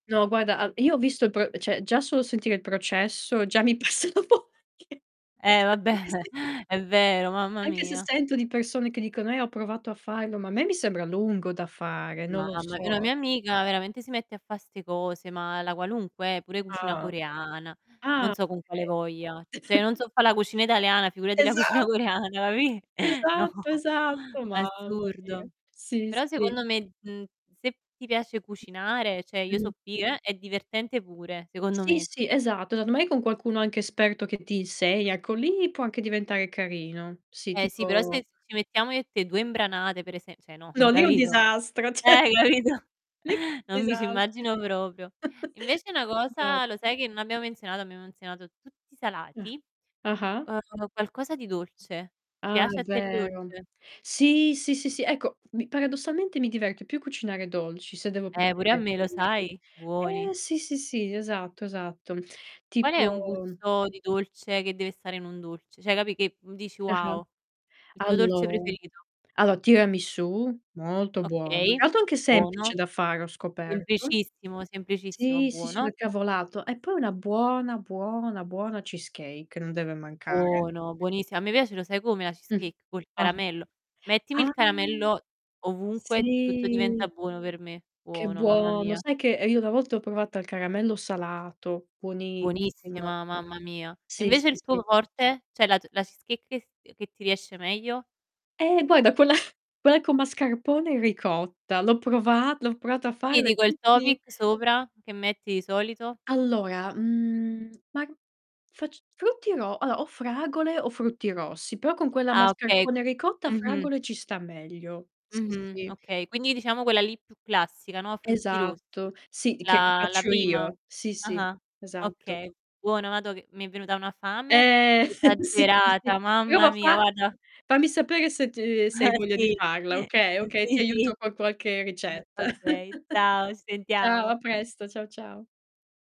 No guarda, al io ho visto il pro cioè già solo sentire il processo già mi passa la vogl anche Eh vabbè, se è vero, mamma Anche se, anche mia. se sento di persone che dicono: "Eh, ho provato a farlo", ma a me mi sembra lungo da fare, non No lo vabbè, una so. mia amica veramente si mette a fa' 'ste cose, ma la qualunque, eh, pure cucina Ah. coreana. Non Ah, so con quale okay. voglia. Cioè io non so fa' la cucina italiana, figurati la cucina Esatt coreana, capì, no, Esatto, esatto. Mamma mia. assurdo. Sì, Però sì. secondo me, mhmm, se ti piace cucinare, cioè io so' Mh-mh. pi eh, è divertente pure, secondo Sì, me. sì, esatto. Allor mai con qualcuno anche esperto che ti insegna, ecco lì può anche diventare carino. Sì, Eh sì, però tipo sai se ci mettiamo io e te, 2 imbranate per ese cioè no, No, lì è un capito. disastro, cioè Eh, capito, lì è un non mi ci disas immagino proprio. Invece una cosa lo Esatto. sai che non abbiamo menzionato, abbiamo menzionato tutti i Ah. salati, Ah-ah. uhm, qualcosa di dolce. Ti Ah, piace a te il vero. dolce? Sì, sì, sì, sì. Ecco, mi paradossalmente mi diverte più cucinare dolci, se devo Eh, proprio pure a me, lo mettermici. sai? Buoni. Eh, sì, sì, sì, esatto, esatto. Qual è un Tipo gusto di dolce che deve stare in un dolce, cioè capi', che dici: Ah-ah. "Wow." Il tuo dolce Allo preferito. allora tiramisù, molto buono. Okay, Tra l'altro anche buono. semplice da fare, ho scoperto. Semplicissimo, semplicissimo, Sì, sì, sì, buono. una cavolata. E poi una buona, buona, buona cheesecake non deve mancare. Buono, buonissi a me piace lo sai come la Mh. cheesecake, col Ah. caramello. Mettimi il Ah. caramello ovunque, tutto diventa Sì. buono per me. Che Buono, mamma buono. mia. Sai che, ehm, io una volta ho provato al caramello salato. Buonissima. Buonissima, mamma mia. E Sì, sì, invece il tuo sì. forte? Cioè la t la cheesecake che s che ti riesce meglio? Eh, guarda, quella quella con mascarpone e ricotta, l'ho prova l'ho provata a Sì, farla e dico il tutti topic sopra che metti di solito? Allora, mhmm, ma facc frutti ro allora o fragole o frutti rossi, però con quella Ah, okay mascarpone e ricotta Mh-mh. fragole ci sta meglio. Sì, Mh-mh. sì. Okay, quindi diciamo quella lì più classica, no, frutti rossi. Esatto. Sì, di che che La la faccio prima? io. Sì, sì, Ah-ah. esatto. Okay, buono, mado, che mi è venuta una fame Eh, sì, sì, esagerata, sì. mamma [unintelligible] a mia far guarda. fammi sapere se ti se hai voglia di Sì. farla, okay, okay, Sì, ti sì. aiuto con qualche ricetta. Okay, ciao, ci Ciao, sentiamo. a presto. Ciao, ciao.